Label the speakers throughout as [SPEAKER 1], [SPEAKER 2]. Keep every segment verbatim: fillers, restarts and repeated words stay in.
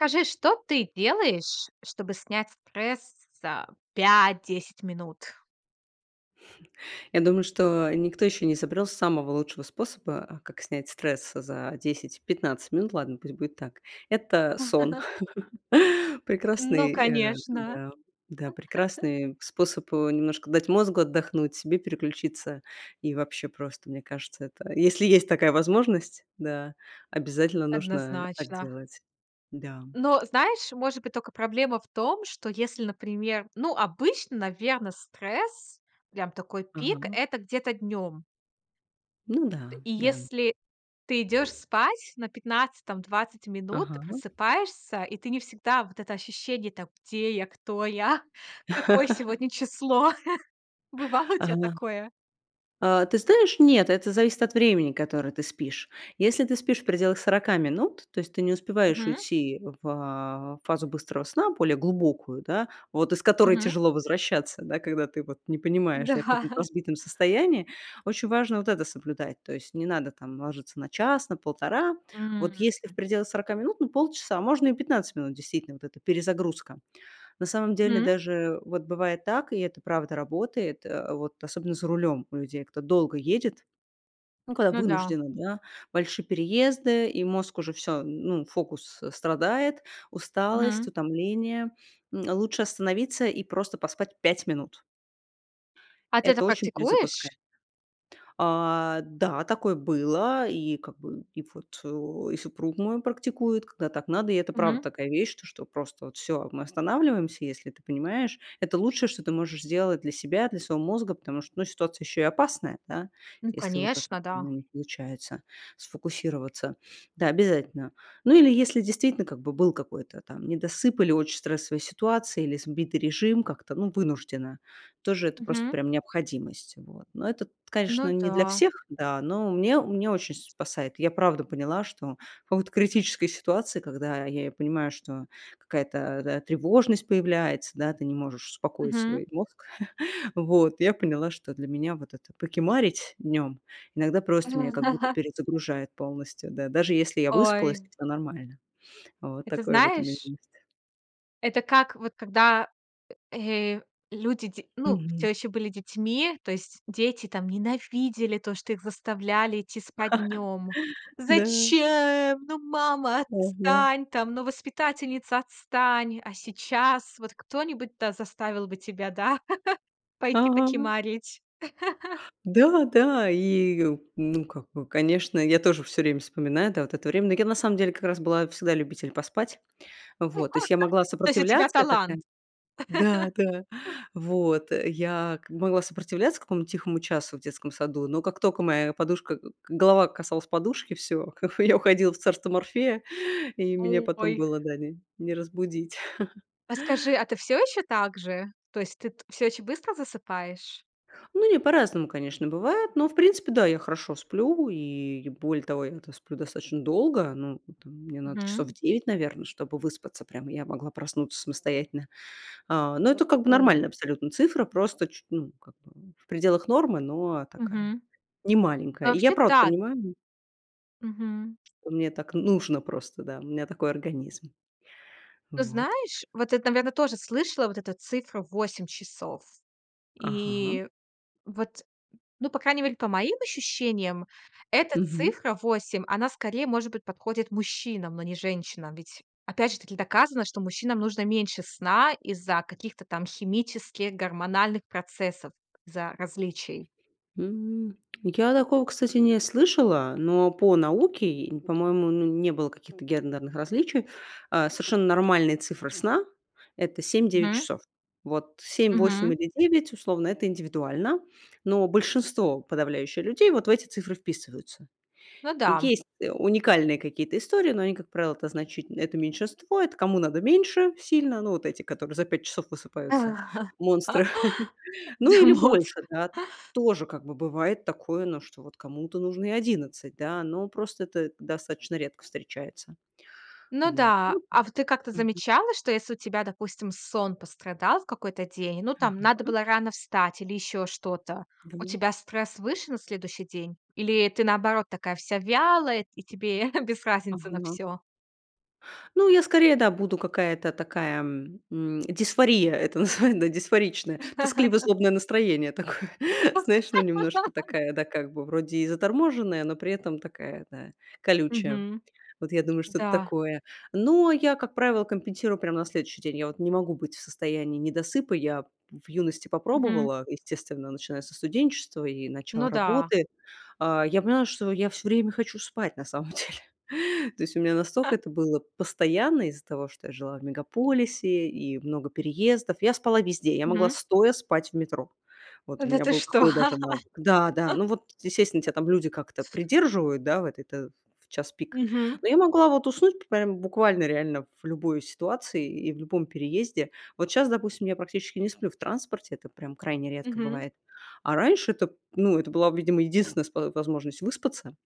[SPEAKER 1] Скажи, что ты делаешь, чтобы снять стресс за пять десять минут?
[SPEAKER 2] Я думаю, что никто ещё не изобрел самого лучшего способа, как снять стресс за десять пятнадцать минут, ладно, пусть будет так. Это сон,
[SPEAKER 1] Ну
[SPEAKER 2] прекрасный, э
[SPEAKER 1] конечно.
[SPEAKER 2] Да, да, прекрасный способ, э, немножко дать мозгу отдохнуть, себе переключиться, и вообще просто, мне кажется, это, если есть такая возможность, да, обязательно нужно так
[SPEAKER 1] Однозначно.
[SPEAKER 2] делать. Да.
[SPEAKER 1] Но, знаешь, может быть, только проблема в том, что если, например, ну, обычно, наверно, стресс, прям такой пик-
[SPEAKER 2] Ага.
[SPEAKER 1] это где-то днем.
[SPEAKER 2] Ну да,
[SPEAKER 1] И
[SPEAKER 2] да.
[SPEAKER 1] если ты идешь спать на пятнадцать там, двадцать минут, ты
[SPEAKER 2] Ага.
[SPEAKER 1] просыпаешься и ты не всегда вот это ощущение: "Так, где я, кто я, какое сегодня число?" Бывало у тя
[SPEAKER 2] Ага.
[SPEAKER 1] такое?
[SPEAKER 2] А, ты знаешь, нет, это зависит от времени, которое ты спишь. Если ты спишь в пределах сорока минут, то есть ты не успеваешь
[SPEAKER 1] Мгм.
[SPEAKER 2] уйти в, а, фазу быстрого сна, более глубокую, да, вот из которой
[SPEAKER 1] Мгм.
[SPEAKER 2] тяжело возвращаться, да, когда ты вот не понимаешь, да, и в каком-то
[SPEAKER 1] Да.
[SPEAKER 2] разбитом состоянии, очень важно вот это соблюдать. То есть не надо там ложиться на час, на полтора. Вот
[SPEAKER 1] М.
[SPEAKER 2] если в пределах сорока минут, ну, полчаса, можно и пятнадцать минут, действительно, вот эта перезагрузка. На самом деле
[SPEAKER 1] Мгм.
[SPEAKER 2] даже вот бывает так, и это правда работает, а, вот особенно за рулем у людей, кто долго едет, ну, когда
[SPEAKER 1] Ну да.
[SPEAKER 2] вынужденно, да, большие переезды, и мозг уже всё, ну, фокус, э, страдает, усталость,
[SPEAKER 1] Мгм.
[SPEAKER 2] утомление- м, лучше остановиться и просто поспать пять минут.
[SPEAKER 1] А ты это
[SPEAKER 2] Это очень
[SPEAKER 1] практикуешь?
[SPEAKER 2] перезапускает. А, да, такое было. И как бы, и вот, о, и супруг мой практикует, когда так надо. И это правда
[SPEAKER 1] Мгм.
[SPEAKER 2] такая вещь, то что просто вот всё, мы останавливаемся, если ты понимаешь. Это лучшее, что ты можешь сделать для себя, для своего мозга, потому что, ну, ситуация еще и опасная, да.
[SPEAKER 1] Ну,
[SPEAKER 2] Если уже как-то,
[SPEAKER 1] конечно, да.
[SPEAKER 2] ну, не получается сфокусироваться. Да, обязательно. Ну или если действительно как бы был какой-то там недосып или очь стрессовые ситуации, или сбитый режим, как-то, ну, вынуждено, тоже это просто
[SPEAKER 1] Мгм.
[SPEAKER 2] прям необходимость. Вот. Но это, т конечно,
[SPEAKER 1] Ну
[SPEAKER 2] не для
[SPEAKER 1] да.
[SPEAKER 2] всех, да, но у меня у меня очень спасает. Я правда поняла, что в какой-то критической ситуации, когда я и понимаю, что какая-то, да, тревожность появляется, да, ты не можешь успокоить
[SPEAKER 1] Мгм.
[SPEAKER 2] свой мозг. Вот я поняла, что для меня вот это покемарить днем- иногда
[SPEAKER 1] А,
[SPEAKER 2] просто меня как будто
[SPEAKER 1] да.
[SPEAKER 2] перезагружает полностью, да, даже если я выспалась и
[SPEAKER 1] Ой.
[SPEAKER 2] всё нормально. Вот
[SPEAKER 1] Это
[SPEAKER 2] такое вот у меня
[SPEAKER 1] знаешь
[SPEAKER 2] есть.
[SPEAKER 1] Это как вот, когда, э, люди дь ну,
[SPEAKER 2] Мгм.
[SPEAKER 1] всё еще были детьми, то есть дети там ненавидели то, что их заставляли идти спать днем:
[SPEAKER 2] Да.
[SPEAKER 1] "Зачем? Ну, мама,
[SPEAKER 2] Ага.
[SPEAKER 1] отстань там, ну, воспитательница, отстань!" А сейчас вот кто-нибудь, да, заставил бы тебя, да, пойти
[SPEAKER 2] Ага.
[SPEAKER 1] покимарить?
[SPEAKER 2] Да-да, и, ну, как бы, конечно, я тоже всё время вспоминаю, да, вот это время, но я на самом деле как раз была всегда любитель поспать. Вот, то есть я могла
[SPEAKER 1] То есть у тебя
[SPEAKER 2] сопротивляться, я
[SPEAKER 1] талант!
[SPEAKER 2] такая Да-да. Вот, я как могла сопротивляться какому-то тихому часу в детском саду, но как только моя подушка к голова касалась подушки- всё, как бы я уходила в царство Морфея и меня потом
[SPEAKER 1] Ой!
[SPEAKER 2] было, да, не, не разбудить.
[SPEAKER 1] А скажи, а ты всё еще так же? То есть ты т всё еще быстро засыпаешь?
[SPEAKER 2] Ну не, по-разному, конечно, бывает, но, в принципе- да, я хорошо сплю, и, более того, я-то сплю достаточно долго. Ну, там, мне надо часов
[SPEAKER 1] Мгм.
[SPEAKER 2] девять, наверно, чтобы выспаться прям, и я могла проснуться самостоятельно. А, но это как бы
[SPEAKER 1] О.
[SPEAKER 2] нормальная абсолютно цифра, просто чу ну, как бы в пределах нормы, но такая,
[SPEAKER 1] Мгм. А
[SPEAKER 2] немаленькая. И я
[SPEAKER 1] вообще-
[SPEAKER 2] правда
[SPEAKER 1] да
[SPEAKER 2] понимаю
[SPEAKER 1] Мгм.
[SPEAKER 2] что мне так нужно просто, да, у меня такой организм.
[SPEAKER 1] Ты
[SPEAKER 2] Вот.
[SPEAKER 1] знаешь, вот это, наверно, тоже слышала вот эту цифру- восемь часов.
[SPEAKER 2] Ага.
[SPEAKER 1] И вот, ну, по крайней мере, по моим ощущениям, эта
[SPEAKER 2] Мгм.
[SPEAKER 1] цифра восемь, она скорее, может быть, подходит мужчинам, но не женщинам. Ведь опять же таки доказано, что мужчинам нужно меньше сна из-за каких-то там химических, гормональных процессов, за различий.
[SPEAKER 2] М, я такого, кстати, не слышала, но по науке, по-моему, ну не было каких-то гендерных различий, а совершенно нормальные цифры сна- это семь девять
[SPEAKER 1] Мгм.
[SPEAKER 2] часов. Вот семь, восемь
[SPEAKER 1] Мгм.
[SPEAKER 2] или девять условно- это индивидуально, но большинство подавляющее людей вот в эти цифры вписываются.
[SPEAKER 1] Ну
[SPEAKER 2] И
[SPEAKER 1] да.
[SPEAKER 2] есть уникальные какие-то истории, но они, как правило, это значите это меньшинство, это кому надо меньше сильно. Ну вот эти, которые за пять часов высыпаются- монстры. Ну
[SPEAKER 1] Да,
[SPEAKER 2] или больше,
[SPEAKER 1] монстр.
[SPEAKER 2] да. Тоже, как бы, бывает такое, но что вот кому-то нужно и одиннадцать, да? Но просто это достаточно редко встречается.
[SPEAKER 1] Ну
[SPEAKER 2] Вот.
[SPEAKER 1] да. А в ты как-то
[SPEAKER 2] Мгм.
[SPEAKER 1] замечала, что если у тебя, допустим, сон пострадал в какой-то день, ну, там надо
[SPEAKER 2] Ага.
[SPEAKER 1] было рано встать или ещё что-то. У
[SPEAKER 2] Да.
[SPEAKER 1] тебя стресс выше на следующий день, или ты, наоборот, такая вся вялая и тебе без разницы на
[SPEAKER 2] Ага.
[SPEAKER 1] всё?
[SPEAKER 2] Ну, я скорее- да, буду какая-то такая, м, дисфория это называе да, дисфоричная. Тоскливо-злобное настроение такое, знаешь, ну, немножко такая, да, как бы вроде и заторможенная, но при этом такая, да, колючая.
[SPEAKER 1] Мгм.
[SPEAKER 2] Вот я думаю, что-то
[SPEAKER 1] Да.
[SPEAKER 2] такое. Но я, как правило, компенсирую прямо на следующий день. Я вот не могу быть в состоянии недосыпа. Я в юности
[SPEAKER 1] Мгм.
[SPEAKER 2] попробовала, естественно, начиная со студенчества и начала
[SPEAKER 1] Ну да.
[SPEAKER 2] работы. А, я поняла, что я всё время хочу спать, на самом деле. То есть у меня настолько это было постоянно, из-за того что я жила в мегаполисе, и много переездов. Я спала везде, я могла
[SPEAKER 1] Мгм.
[SPEAKER 2] стоя спать в метро. Вот у
[SPEAKER 1] Да
[SPEAKER 2] меня
[SPEAKER 1] ты
[SPEAKER 2] был
[SPEAKER 1] что!
[SPEAKER 2] какой даже навык. Да-да, ну вот, естественно, тебя там люди как-то придерживают, да, вот это в час пик.
[SPEAKER 1] Мгм.
[SPEAKER 2] Но я могла вот уснуть прям буквально реально в любой ситуации и в любом переезде. Вот щас, допустим, я практически не сплю в транспорте, это прям крайне редко
[SPEAKER 1] Мгм.
[SPEAKER 2] бывает, а раньше это, ну, это была, видимо, единственная спо возможность выспаться,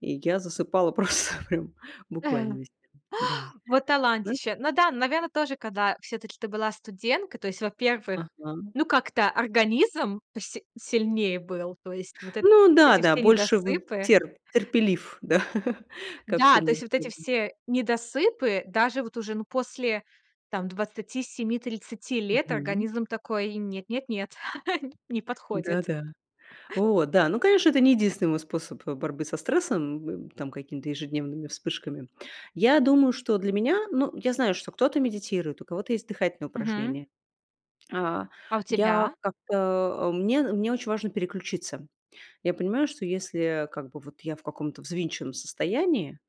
[SPEAKER 2] и я засыпала просто прям буквально везде. Да.
[SPEAKER 1] Вот
[SPEAKER 2] Ну
[SPEAKER 1] талантище! Ну да, наверно, тоже, когда всё-таки ты была студентка, то есть, во-первых,
[SPEAKER 2] Ага.
[SPEAKER 1] ну, как-то организм поси сильнее был, то есть вот этот
[SPEAKER 2] Ну
[SPEAKER 1] эти
[SPEAKER 2] да-да,
[SPEAKER 1] все
[SPEAKER 2] больше вон
[SPEAKER 1] недосыпы
[SPEAKER 2] тер терпелив, да, ко
[SPEAKER 1] Да,
[SPEAKER 2] всем
[SPEAKER 1] то есть вот эти
[SPEAKER 2] невзгодам.
[SPEAKER 1] все недосыпы, даже вот уже, ну, после там двадцати семи тридцати лет,
[SPEAKER 2] Мгм.
[SPEAKER 1] организм такой им: "Нет, нет, нет, не подходит".
[SPEAKER 2] Да-да. Вот, да, ну, конечно, это не единственный мой способ борьбы со стрессом, м, там, какими-то ежедневными вспышками. Я думаю, что для меня, ну, я знаю, что кто-то медитирует, у кого-то есть дыхательные
[SPEAKER 1] Мгм.
[SPEAKER 2] упражнения. А
[SPEAKER 1] А у
[SPEAKER 2] я
[SPEAKER 1] тебя?
[SPEAKER 2] как-то, а, мне мне очень важно переключиться. Я понимаю, что если, а, как бы вот я в каком-то взвинченном состоянии,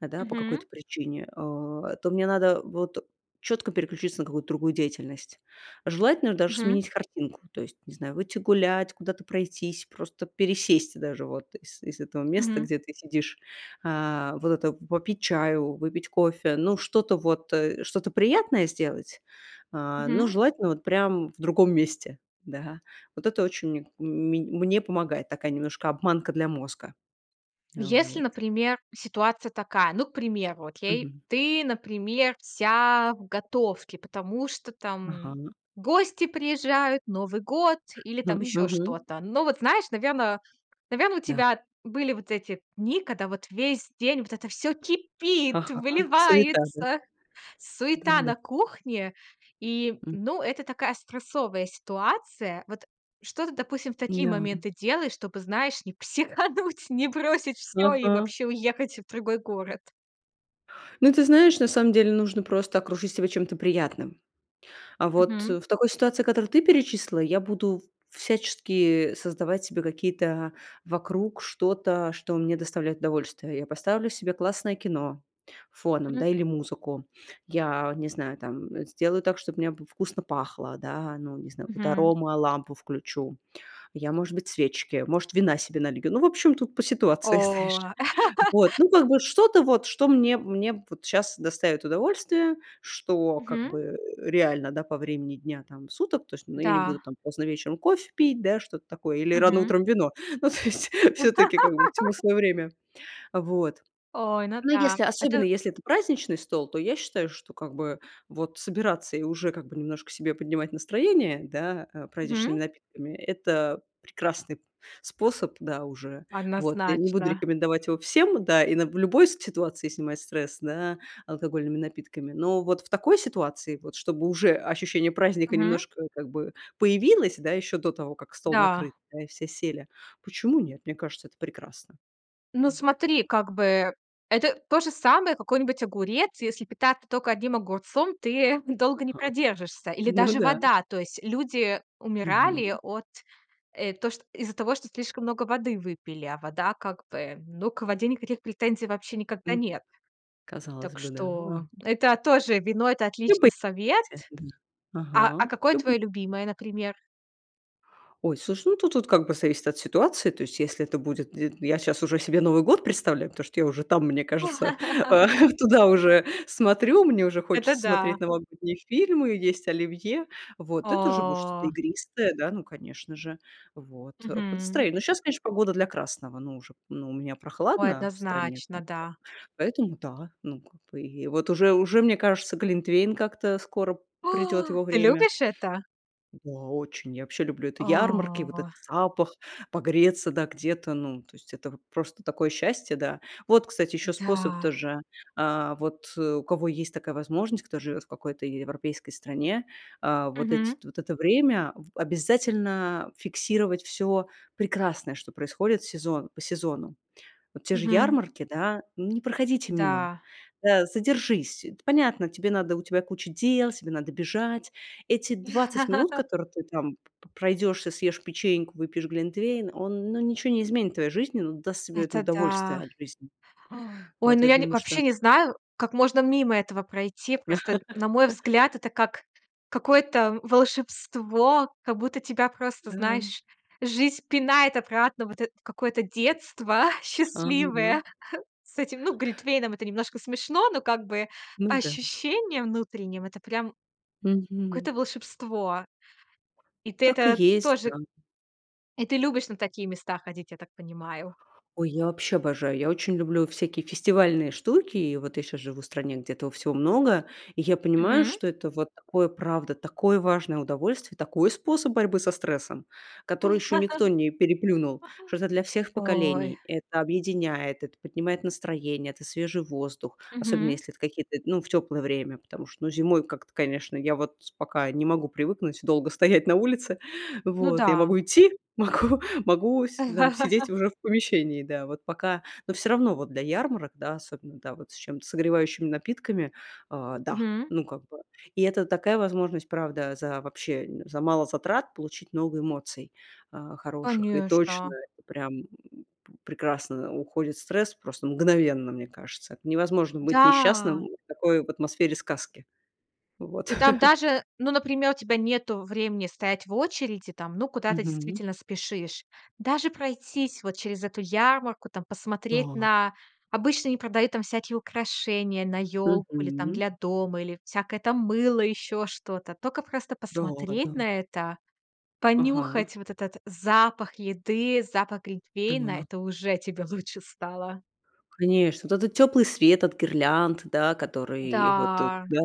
[SPEAKER 2] да, по
[SPEAKER 1] Мгм.
[SPEAKER 2] какой-то причине, а то мне надо вот четко переключиться на какую-то другую деятельность. Желательно даже
[SPEAKER 1] Мгм.
[SPEAKER 2] сменить картинку. То есть, не знаю, выйти гулять, куда-то пройтись, просто пересесть даже вот из из этого места,
[SPEAKER 1] Мгм.
[SPEAKER 2] где ты сидишь, а, вот это, попить чаю, выпить кофе, ну, что-то вот, э, что-то приятное сделать, а, но
[SPEAKER 1] Мгм.
[SPEAKER 2] желательно вот прям в другом месте, да. Вот это очень мн мень мне помогает, такая немножко обманка для мозга. А
[SPEAKER 1] Если,
[SPEAKER 2] вот.
[SPEAKER 1] например, ситуация такая. Ну, к примеру, окей.
[SPEAKER 2] Мгм.
[SPEAKER 1] Ты, например, вся в готовке, потому что, там,
[SPEAKER 2] Ага.
[SPEAKER 1] гости приезжают, Новый год или
[SPEAKER 2] М,
[SPEAKER 1] там еще
[SPEAKER 2] мгм.
[SPEAKER 1] что-то. Ну вот знаешь, наверно наверно, у
[SPEAKER 2] Да.
[SPEAKER 1] тебя были вот эти дни, когда вот весь день вот это всё кипит,
[SPEAKER 2] Ага. Суета, да?
[SPEAKER 1] выливается, суета
[SPEAKER 2] Да-да.
[SPEAKER 1] на кухне. И,
[SPEAKER 2] М.
[SPEAKER 1] ну, это такая стрессовая ситуация. Вот что ты, допустим, в такие
[SPEAKER 2] Да.
[SPEAKER 1] моменты делаешь, чтобы, знаешь, не психануть, не бросить всё и
[SPEAKER 2] Ага.
[SPEAKER 1] вообще уехать в другой город?
[SPEAKER 2] Ну, ты знаешь, на самом деле нужно просто окружить себя чем-то приятным. А, вот
[SPEAKER 1] Мгм.
[SPEAKER 2] в такой ситуации, которую ты перечислила, я буду в всячески создавать себе какие-то вокруг что-то, что мне доставляет удовольствие. Я поставлю себе классное кино фоном,
[SPEAKER 1] М.
[SPEAKER 2] да, или музыку. Я не знаю, там, э, сделаю так, чтобы у меня б вкусно пахло, да, ну, не знаю, какую-то
[SPEAKER 1] Мгм.
[SPEAKER 2] аромолампу включу. Я, может быть, свечки, может, вина себе налью. Ну, в общем, тут по
[SPEAKER 1] О.
[SPEAKER 2] ситуации, знаешь. Вот, ну, как бы что-то вот, что мне мне вот щас доставит удовольствие, что как бы,
[SPEAKER 1] Мгм.
[SPEAKER 2] э, реально, да, по времени дня, там, суток, то есть, ну, я не буду,
[SPEAKER 1] Да.
[SPEAKER 2] там, поздно вечером кофе пить, да, что-то такое, или рано
[SPEAKER 1] Мгм.
[SPEAKER 2] утром вино. Ну, то есть, все-таки как бы всему свое время. Вот.
[SPEAKER 1] Ой, ну
[SPEAKER 2] Но,
[SPEAKER 1] да.
[SPEAKER 2] если, особенно,
[SPEAKER 1] Это
[SPEAKER 2] если это праздничный стол, то я считаю, что как бы вот собираться и уже как бы немножко себе поднимать настроение, да, а, праздничными
[SPEAKER 1] Мгм.
[SPEAKER 2] напитками, это прекрасный п способ, да, уже. Вот. Я не буду
[SPEAKER 1] Однозначно.
[SPEAKER 2] рекомендовать его всем, да, и на в любой ситуации снимать стресс, да, алкогольными напитками, но вот в такой ситуации, вот, чтобы уже ощущение праздника
[SPEAKER 1] Мгм.
[SPEAKER 2] немножко как бы появилось, да, еще до того, как стол накрыт,
[SPEAKER 1] Да.
[SPEAKER 2] да, и все сели, почему нет? Мне кажется, это прекрасно.
[SPEAKER 1] Ну,
[SPEAKER 2] М.
[SPEAKER 1] смотри, как бы, это то же самое, какой-нибудь огурец. Если питаться только одним огурцом, ты долго не
[SPEAKER 2] Ага.
[SPEAKER 1] продержишься, или
[SPEAKER 2] Ну
[SPEAKER 1] даже
[SPEAKER 2] да.
[SPEAKER 1] вода. То есть люди
[SPEAKER 2] Мгм.
[SPEAKER 1] умирали от, э, то чт из-за того, что слишком много воды выпили, а вода как бы, ну, к воде никаких претензий вообще никогда
[SPEAKER 2] М.
[SPEAKER 1] нет.
[SPEAKER 2] Казалось
[SPEAKER 1] Так
[SPEAKER 2] бы, да.
[SPEAKER 1] что,
[SPEAKER 2] Ага.
[SPEAKER 1] это тоже, вино- это
[SPEAKER 2] Любы.
[SPEAKER 1] отличный совет.
[SPEAKER 2] [unintelligible]
[SPEAKER 1] А, а
[SPEAKER 2] Ага.
[SPEAKER 1] какое
[SPEAKER 2] Люб
[SPEAKER 1] твоё любимое, например?
[SPEAKER 2] Ой, слушай, ну тут вот как бы зависит от ситуации. То есть, если это будет де я щас уже себе Новый год представляю, потому что я уже, там, мне кажется, а, туда уже смотрю, мне уже
[SPEAKER 1] Это
[SPEAKER 2] хочется смотреть
[SPEAKER 1] да.
[SPEAKER 2] новогодние фильмы, есть оливье. Вот, это уже будет что-то
[SPEAKER 1] О.
[SPEAKER 2] игристое, да, ну, конечно же, вот, э, по
[SPEAKER 1] Мгм.
[SPEAKER 2] настроению. Но сейчас, конечно, погода для красного, ну, уже, ну, у меня
[SPEAKER 1] Ой,
[SPEAKER 2] прохладно в стране,
[SPEAKER 1] однозначно,
[SPEAKER 2] прям так
[SPEAKER 1] да.
[SPEAKER 2] поэтому, да, ну, как бы и вот уже уже мне кажется, глинтвейн как-то, скоро придет
[SPEAKER 1] О.
[SPEAKER 2] его
[SPEAKER 1] Ты
[SPEAKER 2] время.
[SPEAKER 1] любишь это?
[SPEAKER 2] Да, очень. Я вообще люблю это ярмарки, вот
[SPEAKER 1] О.
[SPEAKER 2] этот запах, погреться, да, где-то. Ну, то есть это вот просто такое счастье, да. Вот, кстати, еще способ
[SPEAKER 1] Да.
[SPEAKER 2] тоже. А, вот у кого есть такая возможность, кто живет в какой-то е европейской стране, а, вот эти
[SPEAKER 1] Мгм.
[SPEAKER 2] вот это время в обязательно фиксировать всё прекрасное, что происходит сезон по сезонам. Вот те же
[SPEAKER 1] Мгм.
[SPEAKER 2] ярмарки, да, не проходите мимо,
[SPEAKER 1] Да.
[SPEAKER 2] да, задержись. Это понятно, тебе надо, у тебя куча дел, тебе надо бежать. Эти двадцать минут, которые ты там п п пройдешься, съешь печеньку, выпьешь глинтвейн, он, ну, ничего не изменит в твоей жизни, но даст тебе это
[SPEAKER 1] Это
[SPEAKER 2] удовольствие
[SPEAKER 1] да!
[SPEAKER 2] от жизни.
[SPEAKER 1] Ой,
[SPEAKER 2] Вот,
[SPEAKER 1] ну,
[SPEAKER 2] я
[SPEAKER 1] я не
[SPEAKER 2] думаю, что
[SPEAKER 1] вообще не знаю как можно мимо этого пройти. Просто, на мой взгляд, это как какое-то волшебство, как будто тебя просто,
[SPEAKER 2] Да.
[SPEAKER 1] знаешь, жизнь пинает обратно, вот это в какое-то детство
[SPEAKER 2] Ага.
[SPEAKER 1] счастливое. С этим, ну, глитвейном это немножко смешно, но как бы
[SPEAKER 2] Ну
[SPEAKER 1] по
[SPEAKER 2] да.
[SPEAKER 1] ощущениям внутренним- это прям
[SPEAKER 2] Мгм.
[SPEAKER 1] какое-то волшебство, и ты
[SPEAKER 2] Так и
[SPEAKER 1] это
[SPEAKER 2] есть да.
[SPEAKER 1] тоже И ты любишь на такие места ходить, я так понимаю?
[SPEAKER 2] Ой, я вообще обожаю, я очень люблю всякие фестивальные штуки, и вот я щас живу в стране, где этого всего много. И я понимаю,
[SPEAKER 1] Мгм.
[SPEAKER 2] что это вот такое, правда, такое важное удовольствие, такой способ борьбы со стрессом, который ещё никто не переплюнул, что это для всех
[SPEAKER 1] Ой.
[SPEAKER 2] поколений. Это объединяет, это поднимает настроение, это свежий воздух, особенно
[SPEAKER 1] Мгм.
[SPEAKER 2] если это какие-то, ну, в тёплое время, потому что, ну, зимой как-то, конечно, я вот пока не могу привыкнуть долго стоять на улице.
[SPEAKER 1] Ну
[SPEAKER 2] Вот я
[SPEAKER 1] да.
[SPEAKER 2] могу идти, могу могу с да, сидеть уже в помещении, да. Вот пока, но всё равно вот для ярмарок, да, особенно, да, вот с чем-то согревающими напитками, а, да.
[SPEAKER 1] Мгм.
[SPEAKER 2] Ну, как бы, и это такая возможность, правда, за вообще, э, за мало затрат получить много эмоций, а, хороших, и точно,
[SPEAKER 1] Конечно.
[SPEAKER 2] это прям, м, п прекрасно уходит стресс, просто мгновенно, мне кажется. Это невозможно быть
[SPEAKER 1] Да!
[SPEAKER 2] несчастным в такой в атмосфере сказки. Вот.
[SPEAKER 1] И, там, даже, ну, например, у тебя нету времени стоять в очереди, там, ну, куда-то
[SPEAKER 2] Мгм.
[SPEAKER 1] действительно спешишь. Даже пройтись вот через эту ярмарку, там, посмотреть
[SPEAKER 2] Да.
[SPEAKER 1] на обычно они продают, там, всякие украшения на ёлку или, там,
[SPEAKER 2] Мгм.
[SPEAKER 1] для дома, или всякое, там, мыло, ещё что-то. Только просто
[SPEAKER 2] Да, да.
[SPEAKER 1] посмотреть на это,
[SPEAKER 2] Ага.
[SPEAKER 1] понюхать вот этот запах еды, запах глинтвейна,
[SPEAKER 2] Да.
[SPEAKER 1] это уже тебе лучше стало.
[SPEAKER 2] Конечно, вот этот тёплый свет от гирлянд, да, который вот тут,
[SPEAKER 1] Да.
[SPEAKER 2] да.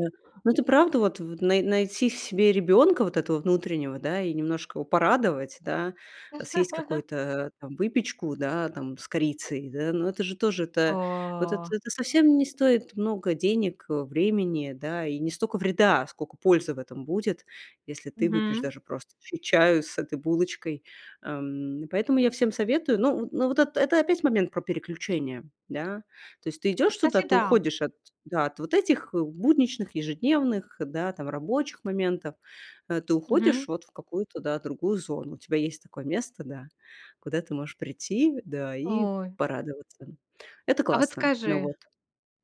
[SPEAKER 2] Ну, это правда вот вт най найти в себе ребёнка, вот этого внутреннего, да, и немножко его порадовать, да. Э, съесть какую-то, э, там, выпечку, да, там, с корицей, да, но это же тоже это, вот это
[SPEAKER 1] О.
[SPEAKER 2] это совсем не стоит много денег, э, времени, да, и не стока вреда сколько пользы в этом будет, если ты выпьешь
[SPEAKER 1] Мгм.
[SPEAKER 2] даже просто ч чаю с этой булочкой, ам, поэтому я всем советую. Ну, н ну, вот эт это опять момент про переключения, да. То есть ты идёшь туда,
[SPEAKER 1] Кстати,
[SPEAKER 2] ты
[SPEAKER 1] да.
[SPEAKER 2] уходишь от, да, от вот этих будничных ежедневных, да, там, рабочих моментов, э. Ты
[SPEAKER 1] Мгм.
[SPEAKER 2] уходишь вот в какую-то, да, другую зону. У тебя есть такое место, да, куда ты можешь прийти, да, и
[SPEAKER 1] Ой.
[SPEAKER 2] порадоваться. Это
[SPEAKER 1] А вот
[SPEAKER 2] классно. Ну
[SPEAKER 1] скажи.
[SPEAKER 2] вот.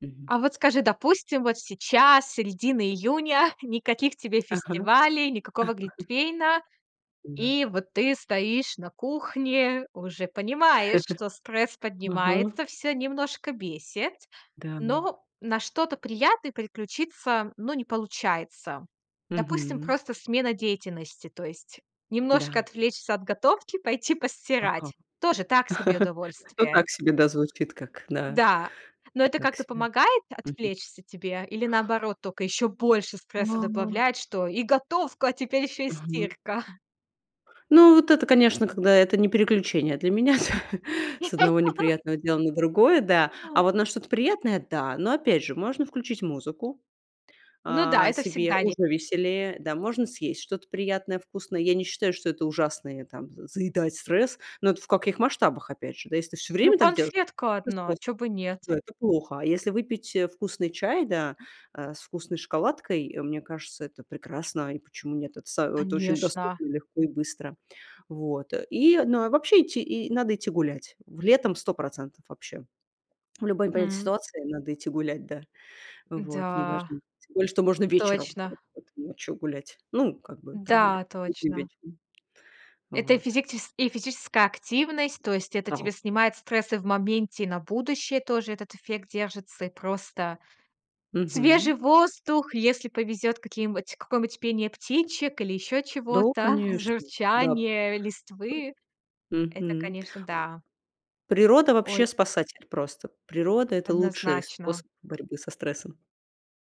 [SPEAKER 2] Мгм.
[SPEAKER 1] А вот скажи, допустим, вот сейчас, с середины июня, никаких тебе
[SPEAKER 2] Ага.
[SPEAKER 1] фестивалей, никакого глинтвейна.
[SPEAKER 2] Да.
[SPEAKER 1] И вот ты стоишь на кухне, уже понимаешь, что стресс
[SPEAKER 2] Ага.
[SPEAKER 1] поднимается, всё немножко бесит,
[SPEAKER 2] Да.
[SPEAKER 1] но на что-то приятное переключиться, ну, не получается. Допустим,
[SPEAKER 2] Мгм.
[SPEAKER 1] просто смена деятельности, то есть немножко
[SPEAKER 2] Да.
[SPEAKER 1] отвлечься от готовки, пойти
[SPEAKER 2] Ага.
[SPEAKER 1] постирать, тоже так себе
[SPEAKER 2] Ну,
[SPEAKER 1] удовольствие?
[SPEAKER 2] так себе, да, звучит как, да.
[SPEAKER 1] Да. Но это
[SPEAKER 2] Так
[SPEAKER 1] как-то
[SPEAKER 2] себе.
[SPEAKER 1] помогает
[SPEAKER 2] Мгм.
[SPEAKER 1] отвлечься тебе, или наоборот только ещё больше стресса
[SPEAKER 2] А.
[SPEAKER 1] добавляет, что и готовка, а теперь ещё и
[SPEAKER 2] Мгм.
[SPEAKER 1] стирка?
[SPEAKER 2] Ну вот это, конечно, когда это не переключение для меня, с с одного неприятного дела на другое, да. А
[SPEAKER 1] Понимаю.
[SPEAKER 2] вот на что-то приятное, да, но опять же, можно включить музыку,
[SPEAKER 1] Ну да.
[SPEAKER 2] а,
[SPEAKER 1] Это
[SPEAKER 2] себе,
[SPEAKER 1] всегда ви
[SPEAKER 2] уже веселее, да, можно съесть что-то приятное, вкусное. Я не считаю, что это ужасное, там, заедать стресс. Но это в каких масштабах, опять же, да. Если ты все
[SPEAKER 1] Ну
[SPEAKER 2] время так делаешь,,
[SPEAKER 1] конфетка одна, а
[SPEAKER 2] [unintelligible]
[SPEAKER 1] чё бы нет?
[SPEAKER 2] да,
[SPEAKER 1] Тя
[SPEAKER 2] это плохо. А если выпить, э, вкусный чай, да, э, с вкусной шоколадкой, мне кажется, это прекрасно. И почему нет? Это са это очень
[SPEAKER 1] Конечно!
[SPEAKER 2] доступно, легко и быстро. Вот, э, и, ну, а вообще идти, и надо идти гулять, в летом сто процентов вообще. В любой непонятной
[SPEAKER 1] Мгм.
[SPEAKER 2] ситуации надо идти гулять, да. Вот,
[SPEAKER 1] Да.
[SPEAKER 2] неважно. Тем более, что можно вечером,
[SPEAKER 1] Точно.
[SPEAKER 2] вот ночью гулять. Ну, как бы там и
[SPEAKER 1] Да,
[SPEAKER 2] работать не
[SPEAKER 1] точно.
[SPEAKER 2] вечером.
[SPEAKER 1] Это и
[SPEAKER 2] Вот, так что
[SPEAKER 1] физикчес и физическая активность, то есть это
[SPEAKER 2] Да.
[SPEAKER 1] тебе снимает стрессы в моменте, и на будущее тоже этот эффект держится, и просто
[SPEAKER 2] Мгм.
[SPEAKER 1] свежий воздух, если повезет, какие-нибудь какое-нибудь пение птичек, или еще
[SPEAKER 2] Да,
[SPEAKER 1] чего-то,
[SPEAKER 2] конечно, да. П
[SPEAKER 1] журчание листвы
[SPEAKER 2] э
[SPEAKER 1] это,
[SPEAKER 2] Мгм.
[SPEAKER 1] конечно, да.
[SPEAKER 2] Природа вообще
[SPEAKER 1] Ой.
[SPEAKER 2] спасатель просто. Природа- это лучший
[SPEAKER 1] Однозначно.
[SPEAKER 2] способ борьбы со стрессом.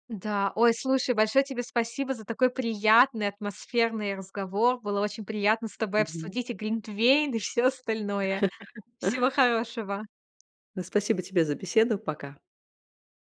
[SPEAKER 1] Да. Ой, слушай, большое тебе спасибо за такой приятный, атмосферный разговор. Было очень приятно с тобой
[SPEAKER 2] Мгм.
[SPEAKER 1] обсудить и глинтвейн, и всё остальное. Всего хорошего!
[SPEAKER 2] Ну, спасибо тебе за беседу! Пока!